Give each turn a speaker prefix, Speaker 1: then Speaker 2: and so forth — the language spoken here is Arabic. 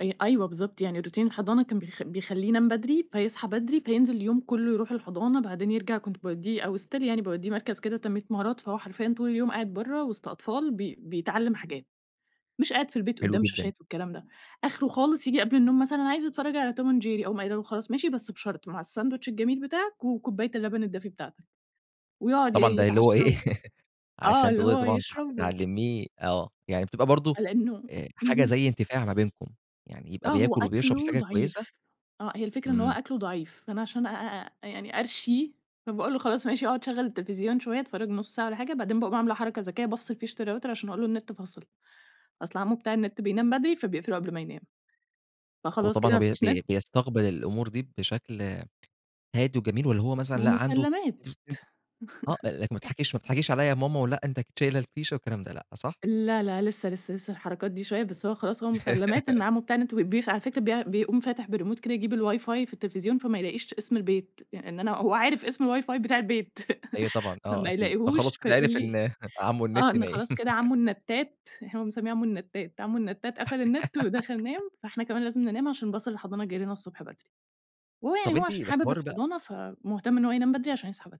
Speaker 1: أي أيوه، بالضبط، يعني روتين الحضانة كان بيخ بيخَليه ينام بدري، فيصحى بدري، فينزل اليوم كله يروح الحضانة، بعدين يرجع كنت باودِّيه أو still يعني باوديِّه مركز كده تنمية مهارات، فهو حرفيًا طول اليوم قاعد بره وسط أطفال بي بيتعلم حاجات. مش قاعد في البيت
Speaker 2: حلو
Speaker 1: قدام
Speaker 2: جدًا.
Speaker 1: شاشات والكلام ده، آخره خالص ييجي قبل النوم مثلًا أنا عايز اتفرج على Tom and jerry أقوم قايلة له: "خلاص ماشي بس بشرط مع الساندويتش الجميل بتاعك، وكوباية اللبن الدافي بتاعتك" ويقعد ي
Speaker 2: طبعًا، ده اللي هو
Speaker 1: يتعشى
Speaker 2: ايه
Speaker 1: وآه،
Speaker 2: عشان
Speaker 1: اللي
Speaker 2: تقدري
Speaker 1: هو
Speaker 2: طبعًا ت
Speaker 1: يشربه.
Speaker 2: تعلميه، آه، يعني بتبقى برضه
Speaker 1: على النوم،
Speaker 2: آآ، حاجة
Speaker 1: اهم.
Speaker 2: زي إنتفاع ما بينكم، يعني
Speaker 1: آه،
Speaker 2: يبقى
Speaker 1: هو
Speaker 2: بياكل وبيشرب دي
Speaker 1: أكلُه
Speaker 2: حاجة كويسة،
Speaker 1: ضعيف، آه هي الفكرة إن هو
Speaker 2: إمم.
Speaker 1: أكلُه ضعيف، فأنا عشان أ أ أ يعني أرشيه، فباقول له خلاص ماشي أقعد شغّل التليفزيون شوية اتفرج نُص ساعة والَّا حاجة، بعدين باقوم عاملة حركة ذكية، بافصل فيشة الRouter عشان أقول له النت فصل، أصل عمو بتاع النت بينام بدري فبيقفله قبل ما ينام، فخلاص كده
Speaker 2: وطبعًا هو
Speaker 1: ما
Speaker 2: بي
Speaker 1: فيش نت.
Speaker 2: بي بيستقبل الأمور دي بشكل هادي وجميل، والَّا هو مثلًا لأ عنده
Speaker 1: مُسَلَّمَات
Speaker 2: [unintelligible] آه، لكن ما تضحكيش ما بتضحكيش عليّا يا ماما ولأ أنتِ أكيد شايلة الفيشة والكلام ده لأ، صح؟
Speaker 1: لا لا لسه، لسه، لسه الحركات دي شوية بس هو خلاص هو مُسَلَّمَات إن عمو بتاع النت بيق على فكرة بي بيقوم فاتح بالريموت كده يجيب الWIFI في التليفزيون فما يلاقيش اسم البيت، يع ان أنا هو عارف اسم الWIFI بتاع البيت
Speaker 2: أيوه طبعًا، آه
Speaker 1: فما
Speaker 2: أكيد، فخلاص
Speaker 1: يلاقيهوش
Speaker 2: كده
Speaker 1: فيقول
Speaker 2: عرف
Speaker 1: لي
Speaker 2: إن عمو
Speaker 1: آه
Speaker 2: النت
Speaker 1: إن
Speaker 2: نايم.
Speaker 1: خلاص كده عمو النتات، هو مسميه عمو النتات، عمو النتات قفل النت ودخل نام، فإحنا كمان لازم ننام عشان باص الحضانة جاي لنا الصبح بدري، وهو يعني
Speaker 2: طب
Speaker 1: هو
Speaker 2: أنتِ
Speaker 1: عشان حابب
Speaker 2: بحوار بقى
Speaker 1: الحضانة، فمُهتم إن هو ينام بدري عشان يصحى بدري.